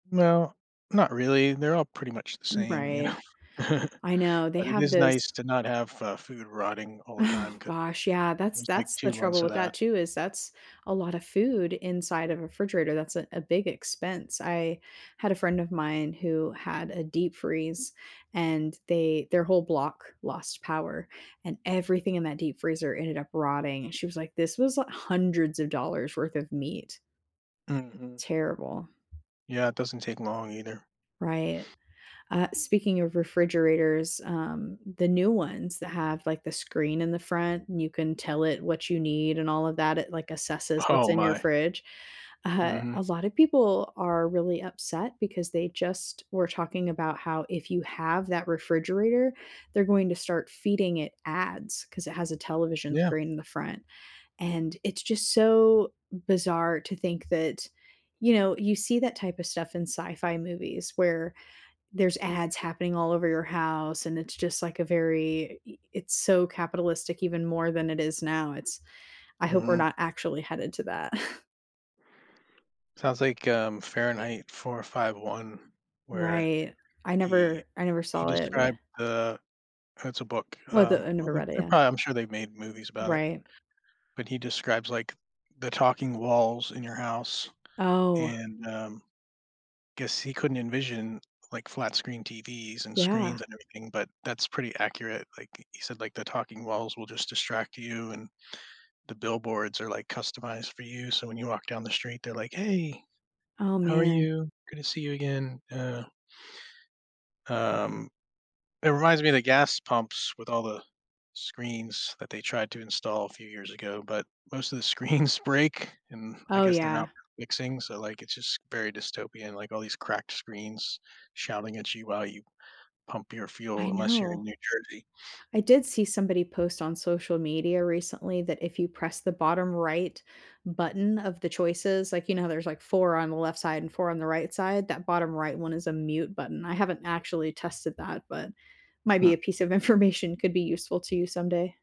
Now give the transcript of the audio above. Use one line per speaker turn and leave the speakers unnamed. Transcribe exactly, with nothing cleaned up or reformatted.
No, not really, they're all pretty much the
Mm,
same, you
right.
know?
I know, they
But, it
have
is
those
nice to not have, uh, food rotting all the
Oh,
time, 'cause
gosh, yeah,
it
that's
was, like,
that's the
two
trouble
months of
with
that.
that, too, is that's a lot of food inside of a refrigerator, that's a a big expense, I had a friend of mine who had a deep freeze, and they their whole block lost power, and everything in that deep freezer ended up rotting, and, she was like, "This was li hundreds of dollars worth of meat."
Mhm.
Terrible.
Yeah, it doesn't take long, either.
Right, uh, speaking of refrigerators, um, the new ones that have, like, the screen in the front, and you can tell it what you need, and all of that, it like assesses
Oh,
what's in your
my.
fridge, uh,
Mhm.
a lot of people are really upset because they just were talking about how if you have that refrigerator, they're going to start feeding it ads, 'cause it has a television
Yeah.
screen in the front, and it's just so bizarre to think that, you know, you see that type of stuff in sci-fi movies, where there's ads happening all over your house, and it's just like a very i it's so capitalistic, even more than it is now, it's I hope we're
Mhm.
not actually headed to that.
Sounds like, um, Fahrenheit 451, where
Right, I
he
never I never
he
saw it, but
described the it's a book,
We the, I
um
never
um, they
read it,
they
yeah.
prob I'm sure they've made movies about it.
Right.
When he describes, like, the talking walls in your house,
Oh.
and, um, guess he couldn't envision, like, flat screen TVs, and
Yeah.
screens, and everything, but that's pretty accurate, like, he he said like, "The talking walls will just distract you, and the billboards are, like, customized for you, so when you walk down the street, they're like, 'Hey,
Oh,
how are
man.
you, good to see you, again,'" uh um, it reminds me of the gas pumps, with all the screens that they tried to install a few years ago, but most of the screens break, and I
Oh,
guess they're not
yeah.
fixing, so, like, it's just very dystopian, like, all these cracked screens shouting at you while you pump your fuel,
I
unless you're in
know.
New Jersey.
I did see somebody post on social media recently, that if you press the bottom right button of the choices, like, you know, how there's, like, four on the left side and four on the right side, that bottom right one is a mute button, I haven't actually tested that, but might be a
Hmm.
piece of information could be useful to you someday.